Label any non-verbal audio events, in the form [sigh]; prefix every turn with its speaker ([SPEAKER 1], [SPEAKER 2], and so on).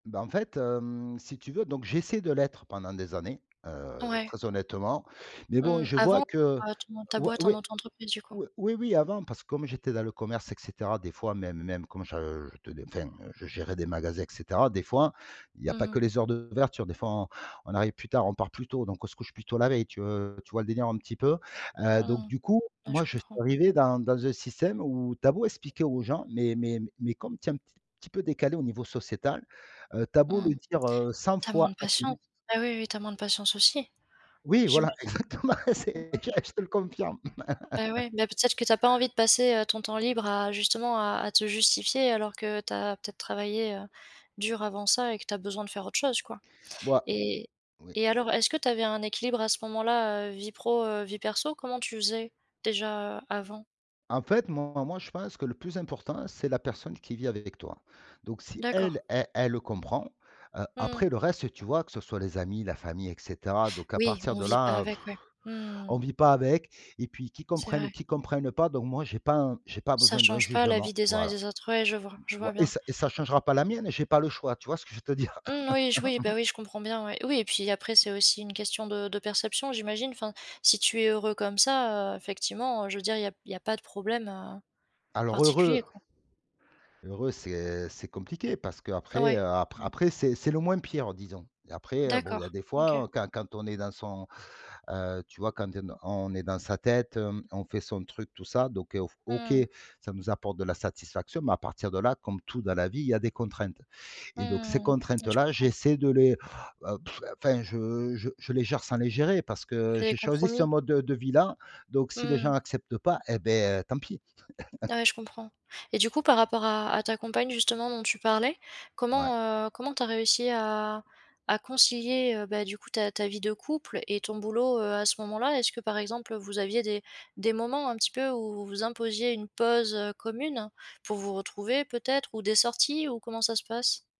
[SPEAKER 1] Bah en fait, hem, si tu veux, donc j'essaie de l'être pendant des années, heu,
[SPEAKER 2] Ouais.
[SPEAKER 1] très honnêtement. Mais bon,
[SPEAKER 2] Mmh,
[SPEAKER 1] je
[SPEAKER 2] avant,
[SPEAKER 1] vois que
[SPEAKER 2] heu, tu montes ta
[SPEAKER 1] oui
[SPEAKER 2] boîte en
[SPEAKER 1] oui
[SPEAKER 2] auto-entreprise du coup?
[SPEAKER 1] oui oui, oui avant, parce que comme j'étais dans le commerce et cetera, des fois même même comme je je ten enfin je gérais des magasins et cetera, des fois il y
[SPEAKER 2] Mmh
[SPEAKER 1] a pas que
[SPEAKER 2] mh.
[SPEAKER 1] les heures d'ouverture, des fois on on arrive plus tard, on part plus tôt, donc on se couche plus tôt la veille, tu, heu, tu vois le délire un petit peu? Heu,
[SPEAKER 2] Mmh
[SPEAKER 1] donc
[SPEAKER 2] mh.
[SPEAKER 1] du coup,
[SPEAKER 2] Ouais, je
[SPEAKER 1] moi, je suis
[SPEAKER 2] comprends.
[SPEAKER 1] arrivé dans dans un système où tu as beau expliquer aux gens, mais mais mais comme tu es un petit petit peu décalé au niveau sociétal, heu, tu as
[SPEAKER 2] Mmh
[SPEAKER 1] beau le
[SPEAKER 2] mh.
[SPEAKER 1] dire, heu, 100
[SPEAKER 2] Tu as moins
[SPEAKER 1] fois
[SPEAKER 2] de patience?
[SPEAKER 1] d'affilée
[SPEAKER 2] Bah, oui, oui, tu as moins de patience aussi?
[SPEAKER 1] Oui, voilà,
[SPEAKER 2] J'imagine.
[SPEAKER 1] exactement, c'est j
[SPEAKER 2] [unintelligible]
[SPEAKER 1] ah, je te le confirme.
[SPEAKER 2] Bah,
[SPEAKER 1] [laughs]
[SPEAKER 2] ouais, bah, peut-être que tu as pas envie de passer, heu, ton temps libre à, justement, à à te justifier, alors que tu as peut-être travaillé, heu, dur avant ça et que tu as besoin de faire autre chose quoi?
[SPEAKER 1] Moi
[SPEAKER 2] Et
[SPEAKER 1] oui.
[SPEAKER 2] et alors, est-ce que tu avais un équilibre à ce moment-là, heu, vie pro, heu, vie perso? Comment tu faisais, déjà avant?
[SPEAKER 1] En fait, moi moi, je pense que le plus important, c'est la personne qui vit avec toi. Donc si,
[SPEAKER 2] D'accord.
[SPEAKER 1] elle, elle elle le comprend, heu,
[SPEAKER 2] Mmh mh.
[SPEAKER 1] après le reste, tu vois, que ce soit les amis, la famille et cetera, donc à
[SPEAKER 2] Oui,
[SPEAKER 1] partir
[SPEAKER 2] on
[SPEAKER 1] de
[SPEAKER 2] vit pas
[SPEAKER 1] là,
[SPEAKER 2] avec ouais. Mmh
[SPEAKER 1] [blows air]
[SPEAKER 2] mh, mmh.
[SPEAKER 1] on vit pas avec et puis qu'ils
[SPEAKER 2] C'est
[SPEAKER 1] comprennent ou
[SPEAKER 2] vrai.
[SPEAKER 1] qu'ils comprennent pas, donc moi j'ai pas un j'ai pas
[SPEAKER 2] Ça
[SPEAKER 1] besoin d'un
[SPEAKER 2] change pas la vie
[SPEAKER 1] jugement,
[SPEAKER 2] des uns et
[SPEAKER 1] voilà.
[SPEAKER 2] des autres, ouais je vois. Je
[SPEAKER 1] Ou
[SPEAKER 2] vois
[SPEAKER 1] ouais et
[SPEAKER 2] bien.
[SPEAKER 1] ça ça changera pas la mienne, j'ai pas le choix, tu vois ce que je veux te dire?
[SPEAKER 2] Mmh oui je oui,
[SPEAKER 1] [laughs]
[SPEAKER 2] bah oui je comprends bien, ouais. Oui et puis après c'est aussi une question de de perception, j'imagine? Enfin, si tu es heureux comme ça, heu, effectivement, je veux dire il y a il y a pas de problème, heu,
[SPEAKER 1] Alors heureux
[SPEAKER 2] particulier quoi.
[SPEAKER 1] heureux, c'est c'est compliqué, parce qu'après,
[SPEAKER 2] Ouais.
[SPEAKER 1] heu, apr
[SPEAKER 2] Mmh.
[SPEAKER 1] après, c'est c'est le moins pire disons et après bon, il
[SPEAKER 2] D'accord,
[SPEAKER 1] y a des
[SPEAKER 2] OK.
[SPEAKER 1] fois quand quand on est dans son heu, tu vois, quand tu on est dans sa tête, on fait son truc tout ça, donc heu, OK,
[SPEAKER 2] Mmh mh.
[SPEAKER 1] ça nous apporte de la satisfaction. Mais à partir de là, comme tout dans la vie, il y a des contraintes
[SPEAKER 2] Mmh
[SPEAKER 1] et donc ces
[SPEAKER 2] mh, mmh. Ouais je
[SPEAKER 1] contraintes-là,
[SPEAKER 2] comprends.
[SPEAKER 1] j'essaie de les heu, pff! Enfin, je je je les gère sans les gérer, parce
[SPEAKER 2] Tu
[SPEAKER 1] que
[SPEAKER 2] fais des
[SPEAKER 1] j'ai choisi ce
[SPEAKER 2] compromis?
[SPEAKER 1] mode de vie-là, donc
[SPEAKER 2] Mmh
[SPEAKER 1] si les gens
[SPEAKER 2] mh.
[SPEAKER 1] acceptent pas, eh ben tant pis. [laughs]
[SPEAKER 2] Ouais, je comprends et du coup par rapport à à ta compagne, justement dont tu parlais,
[SPEAKER 1] Mouais.
[SPEAKER 2] comment, heu, comment tu as réussi à à concilier, ben du coup, ta ta vie de couple et ton boulot, heu, à ce moment-là? Est-ce que par exemple vous aviez des des moments un petit peu où vous imposiez une pause, heu, commune pour vous retrouver peut-être? Ou des sorties ou comment ça se passe?